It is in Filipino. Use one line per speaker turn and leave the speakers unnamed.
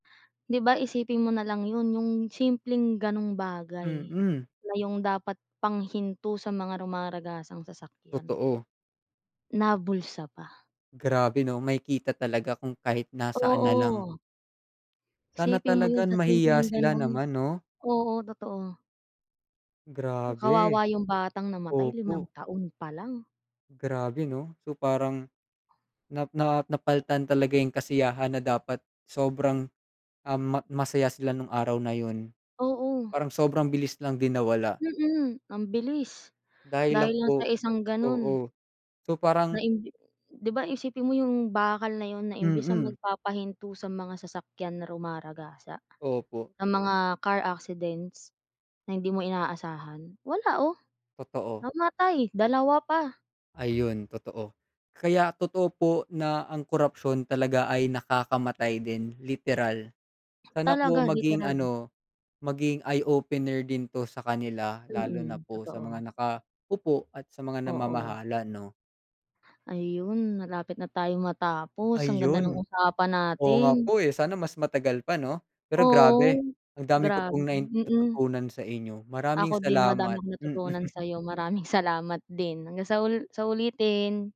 'Di ba, isipin mo nalang 'yun, yung simpleng ganong bagay,
Mhm.
na yung dapat pang hinto sa mga rumaragasang sasakyan,
Totoo.
nabulsa pa.
Grabe 'no? Makikita talaga kung kahit nasaan na lang.
Oo.
Sana
Isipin mo 'yun
talagang
sa
mahiya
simpleng
sila
ganun,
naman 'no?
oo' totoo.
Grabe,
Kawawa yung batang namatay limang
opo.
taon pa lang.
Grabe 'no? So, parang, na na napal'tan talaga yung kasiyahan na dapat sobrang, um, ma masaya sila nung araw na 'yun.
Oo.
Parang sobrang bilis lang din nawala.
Mhm, ambilis,
Dahil
dahil
lang
lang sa
po,
isang ganun.
oo, so,
Na
parang.
imbi 'di ba, isipin mo yung bakal na 'yun, na imbis na
Mhm.
magpapahinto sa mga sasakyan na rumaragasa,
Opo.
ng mga car accidents, na hindi mo inaasahan, wala oh,
Totoo.
namatay dalawa pa.
Ayun totoo, kaya totoo po, na, ang korapsyon talaga ay nakakamatay din, literal, sana po
Talaga
maging
literally.
ano, maging eye-opener din 'to sa kanila, lalo na
Mhm,
po sa mga
totoo.
naka-upo at sa mga
Oo.
namamahala 'no.
Ayun, malapit na tayong matapos, ang ganda ng
Ayun,
usapan
oo nga
natin.
po eh, sana mas matagal pa 'no? Pero
Oo,
grabe, ang dami ko
grabe,
pong nain
mhm.
natutunan sa inyo, maraming
Ako din madami
salamat,
akong
mhm.
natutunan sa'yo maraming salamat din, hanggang sa ul sa ulitin.